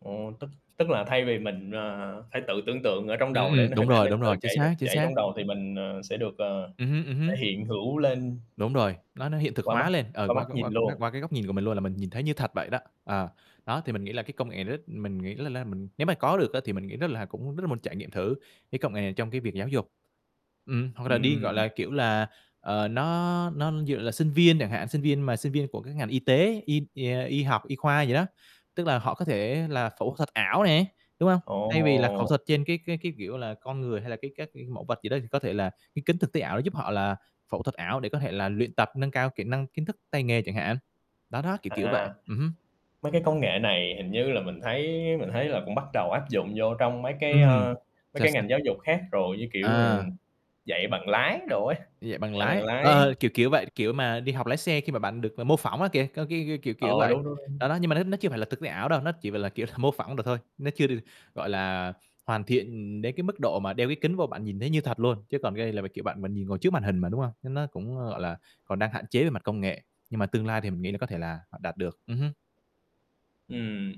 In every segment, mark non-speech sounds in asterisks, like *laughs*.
Ồ, tức tức là thay vì mình, à, phải tự tưởng tượng ở trong Ừm, đầu để n ừm. Đúng hình ảnh rồi, nó đúng tự rồi. Chính chảy r xác, chính chảy xác. trong đầu thì mình, ờ, sẽ được, ờ, Ừm hứm, ừm thể hứm. hiện hữu lên Đúng rồi. Nó nó hiện thực qua mắt hóa lên, ờ, qua mắt qua qua nhìn luôn. qua cái góc nhìn của mình luôn, là mình nhìn thấy như thật vậy đó. Ờ. Đó, thì mình nghĩ là cái công nghệ nó rất mình nghĩ là là mình nếu mà có được á, thì mình nghĩ rất là cũng rất là muốn trải nghiệm thử cái công nghệ này trong cái việc giáo dục. Ừm, hoặc là đi, gọi Ừm. là, kiểu, là, ờ, nó nó dựa là sinh viên chẳng hạn, sinh viên mà sinh viên của các ngành y tế, y, à, y học, y khoa gì đó. Tức là họ có thể là phẫu thuật ảo nè, đúng hông? Thay vì là khẩu Ồ! thuật trên cái cái cái, kiểu là, con người hay là cấy các mẫu vật gì đó, thì có thể là cái kính thực tế ảo nó giúp họ là phẫu thuật ảo để có thể là luyện tập, nâng cao kỹ năng, kiến thức, tay nghề chẳng hạn. Đó đó, kiểu kiểu vậy. À. Ừm hứm. Mấy cái công nghệ này hình như là mình thấy mình thấy là cũng bắt đầu áp dụng vô trong mấy cái, Ừm. a, mấy Sao cái sao? ngành giáo dục khác rồi, như kiểu, À. ừm, dạy bằng lái đồ ấy, Dạy bằng dạy bằng lái. lái. Ờ! Kiểu kiểu vậy, kiểu mà, đi học lái xe khi mà bạn được, à, mô phỏng á, kìa cái cái kiểu kiểu Ờ, vậy. đúng, đúng, đúng. Đó, đó, nhưng mà nó nó chưa phải là thực tế ảo đâu, nó chỉ, gọi là, kiểu, mô phỏng được thôi, nó chưa được, gọi là, hoàn thiện đến cái mức độ mà đeo cái kính vô bạn nhìn thấy như thật luôn, chứ còn cái này là, kiểu, bạn mà ngồi trước màn hình mà, đúng hông? Nên nó cũng, ơ, gọi là, còn đang hạn chế về mặt công nghệ, nhưng mà tương lai thì mình nghĩ là có thể là họ đạt được. Ừm hưm. Ừm.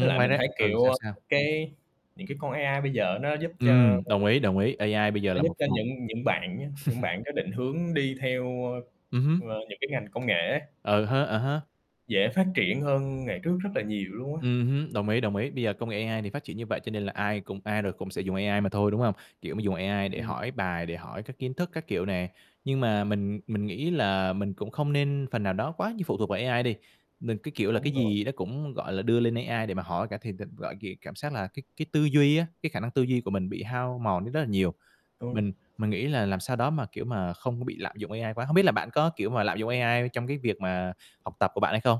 Với lại ngoài mình ra thấy, ừ, kiểu, sao, sao? cái những cái con AI bây giờ nó giúp cho Ừm! Đồng ý, đồng ý. AI bây giờ nó là giúp một cho một những những bạn nhá, những *laughs* bạn có định hướng đi theo, Ừm ơ, hứm. ờ, những cái ngành công nghệ ấy Ờ hớ, ờ há. dễ phát triển hơn ngày trước rất là nhiều luôn á. Ừm hứm. Đồng ý, đồng ý. Bây giờ công nghệ AI thì phát triển như vậy cho nên là ai cũng ai rồi cũng sẽ dùng AI mà thôi, đúng hông? Kiểu mà, dùng AI để Ừm. hỏi bài, để hỏi các kiến thức các kiểu nè. Nhưng mà mình mình nghĩ là mình cũng không nên phần nào đó quá như phụ thuộc vào AI đi. Đừng, cái kiểu là, cái Đúng rồi. gì đó cũng, gọi là, đưa lên AI để mà hỏi cả thì n thật gọi gh cảm xác là cái cái tư duy á, cái khả năng tư duy của mình bị hao mòn đi rất là nhiều. Mình *unintelligible* mình nghĩ là làm sao đó mà, kiểu mà, không có bị lạm dụng AI quá. Hông biết là bạn có, kiểu mà, lạm dụng AI trong cái việc mà học tập của bạn hay không?